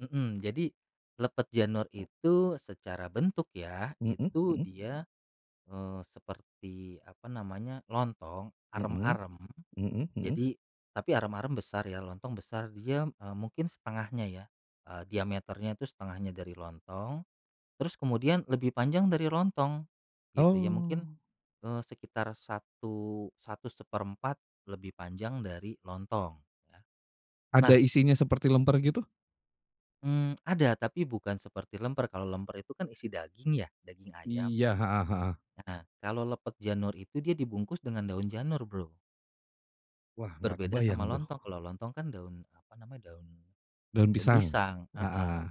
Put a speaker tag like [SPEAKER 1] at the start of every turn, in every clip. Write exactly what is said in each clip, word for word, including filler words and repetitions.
[SPEAKER 1] Mhm. Jadi, lepet janur itu secara bentuk ya,
[SPEAKER 2] Mhm
[SPEAKER 1] itu
[SPEAKER 2] mhm.
[SPEAKER 1] dia, eee, seperti, apa namanya, lontong,
[SPEAKER 2] Mhm.
[SPEAKER 1] arem-arem.
[SPEAKER 2] Mhm mhm.
[SPEAKER 1] Jadi tapi arem-arem besar ya, lontong besar, dia, eee, mungkin setengahnya ya, eee, diameternya itu setengahnya dari lontong. Terus, kemudian lebih panjang dari lontong, gitu, ya. Mungkin,
[SPEAKER 2] Oh.
[SPEAKER 1] eee, sekitar satu satu seperempat lebih panjang dari lontong, ya.
[SPEAKER 2] Ada
[SPEAKER 1] Nah
[SPEAKER 2] isinya seperti lemper, gitu?
[SPEAKER 1] Mmm, ada, tapi bukan seperti lemper, kalau lemper itu kan isi daging, ya? Daging ayam.
[SPEAKER 2] Iya, heeh heeh.
[SPEAKER 1] Heeh, kalau lepet janur itu dia dibungkus dengan daun janur, Bro.
[SPEAKER 2] Wah, nggak
[SPEAKER 1] Berbeda
[SPEAKER 2] kebayang,
[SPEAKER 1] sama
[SPEAKER 2] tuh.
[SPEAKER 1] lontong, kalau lontong kan daun, apa namanya, daun
[SPEAKER 2] Daun
[SPEAKER 1] daun
[SPEAKER 2] pisang,
[SPEAKER 1] pisang, heeh.
[SPEAKER 2] heeh.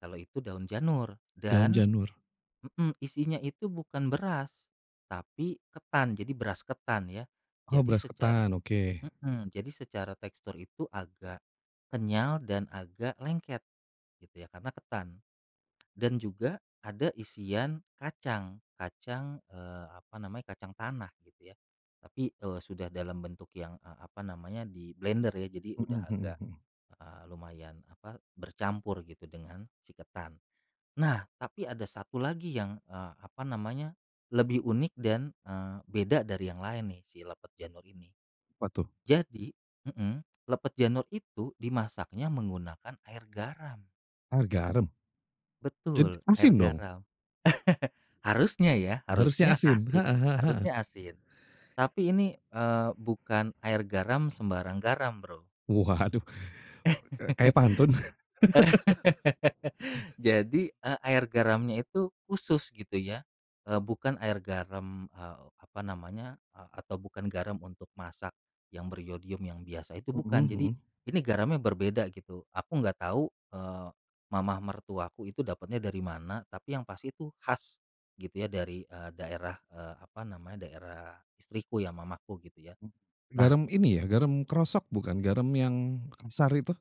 [SPEAKER 1] Kalau itu daun janur.
[SPEAKER 2] Daun
[SPEAKER 1] Dan
[SPEAKER 2] janur.
[SPEAKER 1] mhm, isinya itu bukan beras, tapi ketan. Jadi, beras ketan, ya.
[SPEAKER 2] Oh,
[SPEAKER 1] Jadi,
[SPEAKER 2] beras
[SPEAKER 1] secara
[SPEAKER 2] ketan? Oke.
[SPEAKER 1] mhm, jadi secara tekstur itu agak kenyal dan agak lengket, gitu ya, karena ketan. Dan juga, ada isian kacang, kacang, eee, apa namanya, kacang tanah, gitu, ya, tapi, eee, sudah dalam bentuk yang, eee, apa namanya di blender, ya. Jadi,
[SPEAKER 2] Mhm
[SPEAKER 1] udah
[SPEAKER 2] mhm
[SPEAKER 1] agak,
[SPEAKER 2] mhm.
[SPEAKER 1] eee, lumayan, apa, bercampur gitu dengan si ketan. Nah, tapi ada satu lagi yang, eee, apa namanya, lebih unik, dan, eee, beda dari yang lain nih, si lepet janur ini.
[SPEAKER 2] Pa tuh?
[SPEAKER 1] Jadi mhm, lepet janur itu dimasaknya menggunakan air garam.
[SPEAKER 2] Air garam? Jadi
[SPEAKER 1] Betul, air
[SPEAKER 2] asin, dong?
[SPEAKER 1] garam. Harusnya, ya,
[SPEAKER 2] Harusnya
[SPEAKER 1] harusnya
[SPEAKER 2] asin,
[SPEAKER 1] asin
[SPEAKER 2] heeh heeh heeh.
[SPEAKER 1] harusnya asin. Tapi, ini, eee, bukan air garam sembarang garam, Bro.
[SPEAKER 2] Waduh! Kayak pantun.
[SPEAKER 1] Jadi, eee, air garamnya itu khusus, gitu ya, eee, bukan air garam, eee, apa namanya, eee, atau bukan garam untuk masak, yang beryodium, yang biasa itu
[SPEAKER 2] Mhm
[SPEAKER 1] bukan. Jadi,
[SPEAKER 2] mhm.
[SPEAKER 1] ini garamnya berbeda, gitu. Aku nggak tahu, eee, mama mertuaku itu dapatnya dari mana, tapi yang pasti itu khas, gitu ya, dari, eee, daerah, eee, apa namanya, daerah istriku ya, mamaku, gitu, ya. Nah
[SPEAKER 2] Garam ini ya, garam krosok, bukan? Garam yang kasar itu?